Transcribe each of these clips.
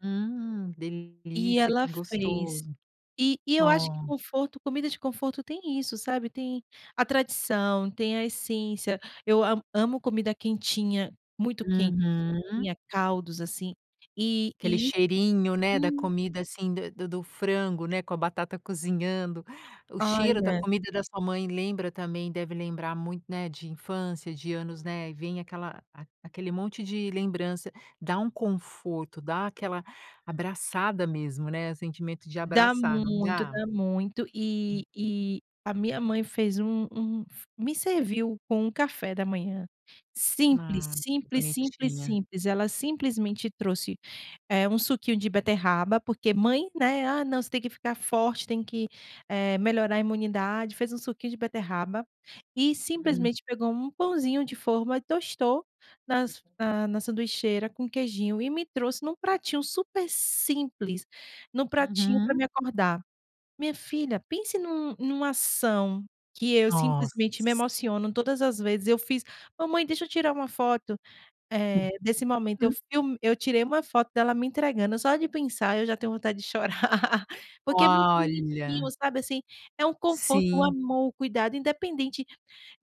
Hum, E delícia, ela que fez. gostoso. E e eu acho que Hã. conforto comida de conforto tem isso, sabe, tem a tradição, tem a essência, eu amo amo comida quentinha, muito quente, Uhum. sopinha, caldos, assim, e Aquele e isso, cheirinho, né, da sim. comida assim da do do frango, né, com a batata cozinhando, o Ai cheiro da é. comida da sua mãe lembra também deve lembrar muito, né, de infância, de anos, né, e vem aquela a aquele monte de lembrança, dá um conforto, dá aquela abraçada mesmo, né, sentimento de Dá abraçar, não muito, dá? dá muito e Hum. e a minha mãe fez um um me serviu com um café da manhã, simples, Ah, que simples, simples, bonitinha. simples, ela simplesmente trouxe, eh, um suquinho de beterraba, porque mãe, né, "Ah não, você tem que ficar forte, tem que, eh, melhorar a imunidade", fez um suquinho de beterraba e Uhum. simplesmente pegou um pãozinho de forma e tostou nas na na sanduicheira com queijinho e me trouxe em um pratinho super simples, em um pratinho para me Uhum. acordar. Minha filha, pense numa numa ação que eu Nossa. simplesmente me emociono todas as vezes eu fiz: "Mamãe, deixa eu tirar uma foto, eh, desse momento, eu [unintelligible] film eu tirei uma foto dela me entregando", só de pensar eu já tenho vontade de chorar, porque é muito bonitinho, Olha. sabe, assim, é um conforto, o Sim. amor, o cuidado, independente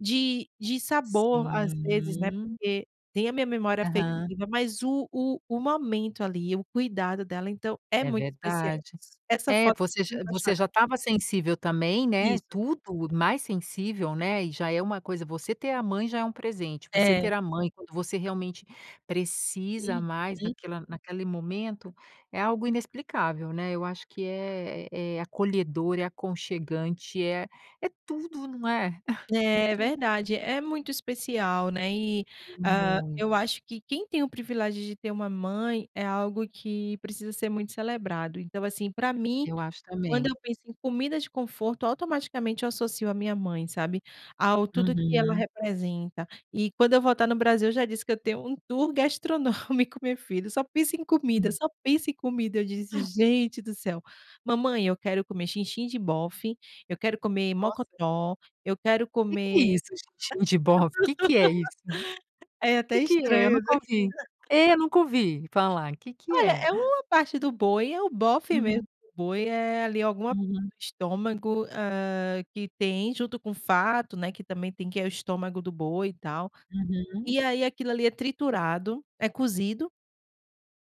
de de sabor, às vezes, né, Uhum. porque tem a minha memória Aham. afetiva, mas o o o momento, ali, o cuidado dela, então, é É muito especial. verdade. Essa É, foto você me já faz você já choras. estava sensível também, né. Isso. Tudo mais sensível, né. E já é uma coisa, você ter a mãe já é um presente, você ter É. a mãe, quando você realmente precisa mais Uhum. naquela naquele momento, é algo inexplicável, né, eu acho que é é acolhedor, é aconchegante, é é tudo, não é? É É, é tudo. verdade, é muito especial, né, e, hã, Muito. eu acho que quem tem o privilégio de ter uma mãe, é algo que precisa ser muito celebrado, então, assim, para mim, Eu acho quando também. eu penso em comida de conforto, automaticamente eu associo a minha mãe, sabe, ao tudo que ela Uhum. representa, e quando eu voltar no Brasil eu já disse que eu tenho um tour gastronômico, minha filha, só penso em comida, Hum. só penso em comida, eu disse: "Gente do céu, mamãe, eu quero comer xinxin de bofe, eu quero comer Nossa. mocotó, eu quero Que que é comer isso, xinxin de bofe, de que que é isso? É Que até que é? Eu estranho nunca né. ouvi. É, nunca ouvi falar, que que Olha, é? é uma parte do boi, é o bofe mesmo Uhum. do boi é, ali, alguma Uhum. [unintelligible] estômago, ah, que tem junto com o fato, né, que também tem que é o estômago do boi e tal. Uhum. E aí aquilo ali é triturado, é cozido